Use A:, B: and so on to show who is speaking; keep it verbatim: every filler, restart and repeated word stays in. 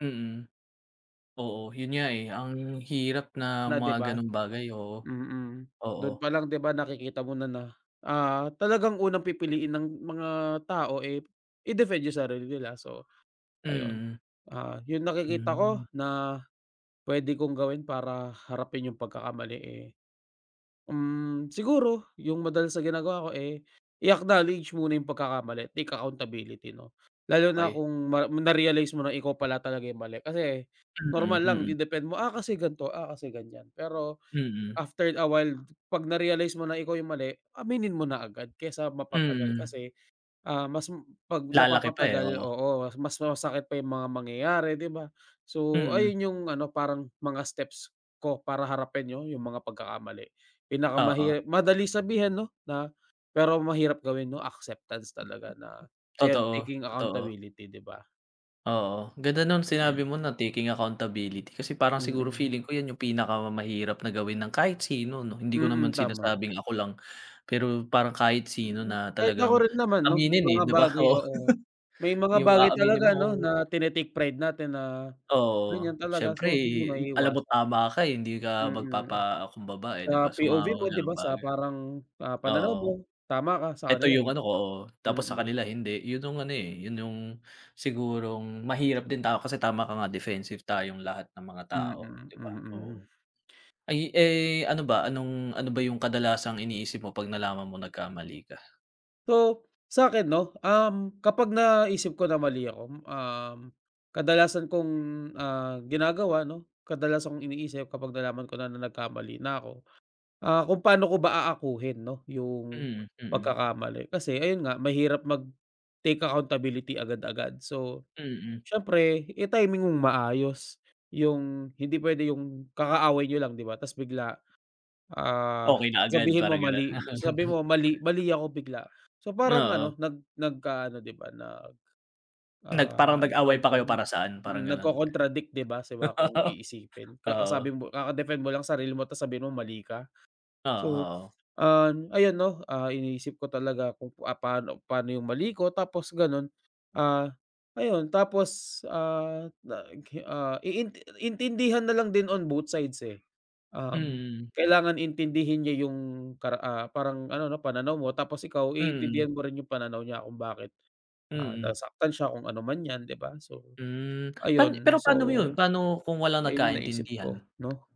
A: Mm. Oo yun nga, eh, ang hirap na
B: Na di
A: mga
B: ba,
A: gano'ng bagay, oo,
B: mm.
A: oo.
B: Dun pa lang di ba, nakikita mo na na, ah, talagang unang pipiliin ng mga tao, eh, i-defend yung sarili nila, so ayun.
A: Mm.
B: Ah, yung nakikita
A: Hmm.
B: ko na pwede kong gawin para harapin yung pagkakamali, eh, mm siguro yung madalas na ginagawa ko, eh, i-acknowledge muna yung pagkakamali, take accountability 'no. Lalo na
A: Okey.
B: kung ma na-realize mo na ikaw pala talaga yung mali. Kasi
A: Mm,
B: normal lang
A: mm.
B: i-defend mo, "Ah, kasi gan'to. Ah, kasi ganyan." Pero
A: Mm.
B: after a while, 'pag na-realize mo na ikaw yung mali aminin mo na agad kaysa mapatagal
A: Mm.
B: kasi, ah, mas m 'pag
A: Lalaki pa, eh,
B: napapatagal
A: oo.
B: oo, mas masakit pa yung mga mangyayari, di ba? So,
A: Mm.
B: ayun yung ano, parang mga steps ko para harapin' no yung mga pagkakamali.
A: Oo.
B: Pinakamahi madali sabihin 'no na pero mahirap gawin 'no, acceptance talaga na ayun,
A: Totoo,
B: taking
A: totoo.
B: accountability, di ba?
A: Oo, ganda nung sinabi mo na taking accountability kasi parang siguro
B: Mm.
A: feeling ko 'yan yung pinakamahirap na gawin ng kahit sino 'no. Hindi ko
B: Mm,
A: naman
B: tama.
A: sinasabing ako lang, pero parang kahit sino
B: Mm,
A: na
B: kahit ako
A: talagang
B: rin naman 'no may
A: aminin, eh,
B: mga
A: di ba,
B: bagay
A: oo.
B: oo. May mga
A: Yung
B: bagay
A: aaminin
B: talaga 'no,
A: mong
B: na tine-take pride natin na
A: Oo,
B: ganyan talaga,
A: siyempre
B: so hindi
A: alam mo
B: maiiwasan.
A: tama ka, eh, hindi ka
B: Mm,
A: magpapakumbaba, eh,
B: sa
A: di ba, sa
B: P-O-V
A: mga
B: mo di
A: ganung
B: ba sa
A: bagay.
B: parang, ah, pananaw
A: Oo.
B: mo tama ka, sa
A: 'Eto
B: kanila
A: yung ano
B: hindi,
A: ko, oh, tapos sa
B: mm.
A: kanila hindi. Yun yung ano, eh, yun yung sigurong mahirap din tao kasi tama ka nga defensive tayong lahat ng mga
B: Mm,
A: tao, di ba, oo.
B: mm.
A: Ayu eh, ano ba, anong ano ba yung kadalasang iniisip mo 'pag nalaman mong nagkamali ka?
B: So, sa'kin 'no, um, kapag naisip ko na mali ako, mm, um, kadalasan kong, ah, ginagawa 'no, kadalasan kong iniisip kapag nalaman ko na nagkamali na ako, ah, kung paano ko ba aakuhin 'no yung
A: Mm, mm.
B: pagkakamali. Kasi ayun nga, mahirap mag-take accountability agad-agad. So,
A: Mm.
B: siyempre, i-timing mong maayos, yung hindi pwede yung kakaaway niyo lang di ba tapos bigla, ah,
A: Okey na agad
B: sabihin mo
A: parang ganun.
B: mali sabihin mo mali mali ako bigla. So, parang
A: Oo.
B: ano, nag nagkaano di ba nag,
A: Nag parang
B: ah, anong tawag
A: nag-away pa kayo
B: do'n,
A: para saan,
B: mm,
A: parang gano'n?
B: nagko-contradict di ba di ba siba kung iisipin. Kakasabi
A: Oo.
B: mo kaka-defend mo lang sarili mo tapos sabihin mo mali ka.
A: Oo,
B: So,
A: oo.
B: ah, ayan 'no, ah, iniisip ko talaga kung, ah, paano paano yung mali ko tapos ganun. Ah, ayun, tapos, ah, nag hi ah, iin intindihan nalang din on both sides, eh. Um,
A: Mm.
B: kailangan intindihin niya yung kara ah, parang ano 'no, pananaw mo tapos ikaw
A: Mm.
B: iintindihan mo rin yung pananaw niya kung bakit, ah,
A: Mm.
B: nasaktan siya kung ano man 'yan di ba. So,
A: Mm. Pan
B: ayun.
A: pero
B: So,
A: paano mo yun, paano kung walang
B: ayun yung naisip ko
A: nagkaintindihan?
B: 'no.